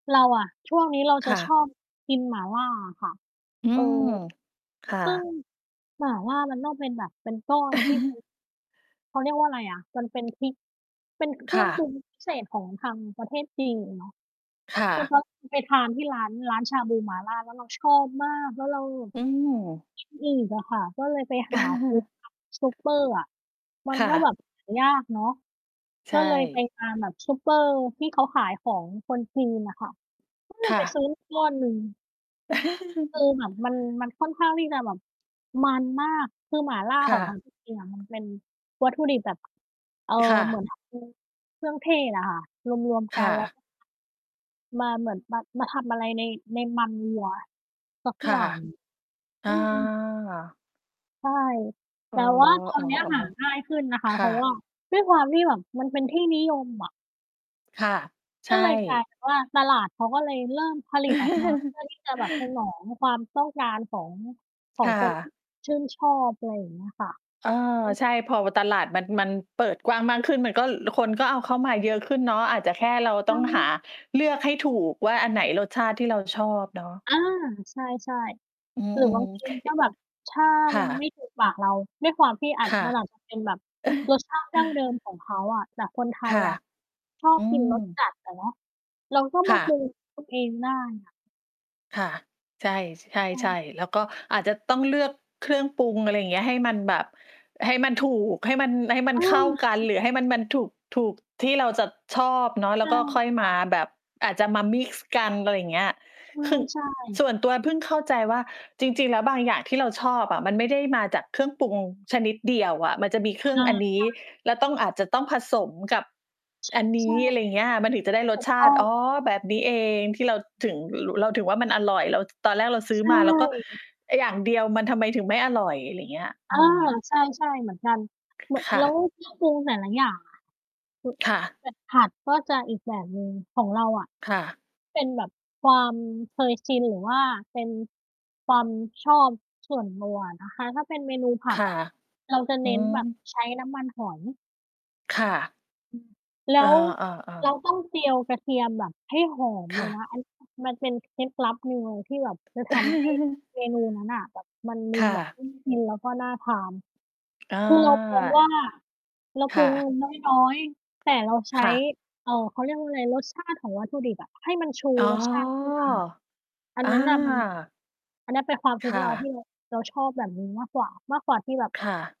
เราอะ ช่วงนี้เราจคะ่ชะ อบกินหม่าล่าอะค่ะ อืเออ ม ค่ซึ่งะ หม่าล่ามันต้องเป็นแบบเป็นก้อน ที่ เป็น เขาเรียกว่าอะไรอะ มันเป็นพริก เป็นเคครื่่องปะ รุงพิเศษของทางประเทศจีนเนาะ ค่คือะ พอไปทานที่ร้าน ร้านชาบูหม่าล่า แล้วเราชอบมาก แล้วเราแบบ อืม กิน อีกอะค่ะ ก็เลยไปหา ซื้อตาม ซูเปอร์อะ มันค่ก็แบบ ะ หา ยากเนาะ ใชก็เลยไป่ ตามแบบซุปเปอร์ที่ เขาขายของคนจีนอะค่ะ ก็เลคย่ไปะ ซื้อ มา ก้อนหนึ่ง คือเหมือนมัน มันค่อนข้างที่จะแบบ มันมาก คือหม่าล่าคข่องเขาจะ ริง ๆ อะมันเป็นวัตถุดิบแบบ เอ่อ ค่เหมืะ อน [unintelligible] เครื่องเทศอะค่ะ รวม ๆ กคั่นแล้ว ะ ก็ มาเหมือน มา มาทำอะไรใน ในมันวัวสัก ค่อยะ ่าง ออืม า ใช่ อแต๋อ ่ว่าตอนเนี้ยหาง่าๆ ยขึ้นนะคๆ คะ เพ่ราะวะ ่าด้วยความที่แบบมันเป็นที่นิยมอะ ค่ะ ใกช็่ เลยกลายเป็นว่า ตลาดเขาก็เลยเริ่มผลิตออกมา เพื่อที่จะ แบบ สนองความต้องการของ ขอคง่คน ที่ ะ ชื่นชอบ อะไรอย่างเงี้ยค่ะ เออ อืม ใช่ พอ ว ตลาดมัน มันเปิดกว้างมากขึ้น มันก็ คนก็เอาเข้ามาเยอะขึ้นเนาะ อาจจะแค่เราอตื้องหาม เลือกให้ถูกว่าอันไหนรสชาติที่เราชอบเนาะ อา ใช่ อืๆ หรือบม างทๆ ี ค ถ้าแบบ ถ้าค่มันไมะ ่ถูกปากเรา ด้วยความที่อาจ ค่ะ มันอาจจะเป็นแบบรสชาติดั้งเดิมของเขาอะ แต่คนไทคย่ะ อะ ชออบืกิน รสม จัดอะเนาะ เราก็มคา่ประ ุง ด้วยตัว เองได้ ค่ะ ค่ะ ใช่ ช ใใชช่ ่ ๆ แล้วก็อาจจะต้องเลือกเครื่องปรุง อะไรอย่างเงี้ย ให้มันแบบ ให้มันถูก ให้มัน ให้มัเอนเข้าอ กัจน รหริือให้ง มัน มันถูก ถูกที่เราจะชอบเนาะ แใลช้ว่ ก็ค่อยคม่ะ าแบบ อาจจะมามิกซ์กัน อะไรอย่างเงี้ย คือ ใช่ ๆ ส่วนตัวพึ่งเข้าใจว่า จริง ๆ แล้วบางอย่างที่เราชอบอะ มันไม่ได้มาจากเครื่องปรุงชนิดเดียวอะ มันจะมีเครเอื่องอ อันนี้ ใช่ แล้วต้องอาจจะต้องผสมกับ ช อันนใชี้ อ่ ะไรอย่างเงี้ย มันถึงจะได้รถสูกชตา้ตอิ ง อ๋อ แบบนี้เองที่เราถึง ร เราถึงว่ามันอร่อย เรา ท ตอนแรกเราซื้อใชมา เราก็ ่ ไอ้อย่างเดียว มันทำไมถึงไม่อร่อย อะไรอย่างเงี้ย เอออ ืม ใช่ ๆ เหมือนกัน ล ค่แล้วะ เครื่องปรุงแต่ละอย่างอะ ค่ะ แบบผัด ๆ ก็จะอีกแบบหนึ่ง ของเราอะ ค่ะ เป็นแบบความเคยชิน หรือว่าเป็นความชอบส่วนตัวอะนะคะ ถ้าเป็นเมนูผคัด่ะ อะ เราจะอืเน้นแบบม ใช้น้ำมันหอย ค่ะ อืม แลเอ้วอ เราๆ ๆ ต้องเจียวกระเทียมแบบให้หอมคเล่ยนะ ะ อันนี้ มันเป็นเคล็ดลับหนึ่งเลย ที่แบบจะทำให้เมนูนั้นน่ะแบบมันดคู่แบบะ พึ่ง กิน แล้วก็น่าทาน อา คือเรามองว่าเราคปรุ่งะ น้อย ๆ แต่เราใชค้ ่ะ เอ่อ เขาเรียกว่าอะไร รสชาติของวัตถุดิบอะ ให้มันชูอ๋อ รสชาติขึ้นมา อัอนา นั้นน่ะมัน อันนั้นเป็นความคคุ้น่เรา ทะ ี่เรา เราชอบแบบนี้มากกว่า มากกว่าที่แบบ ค่ะ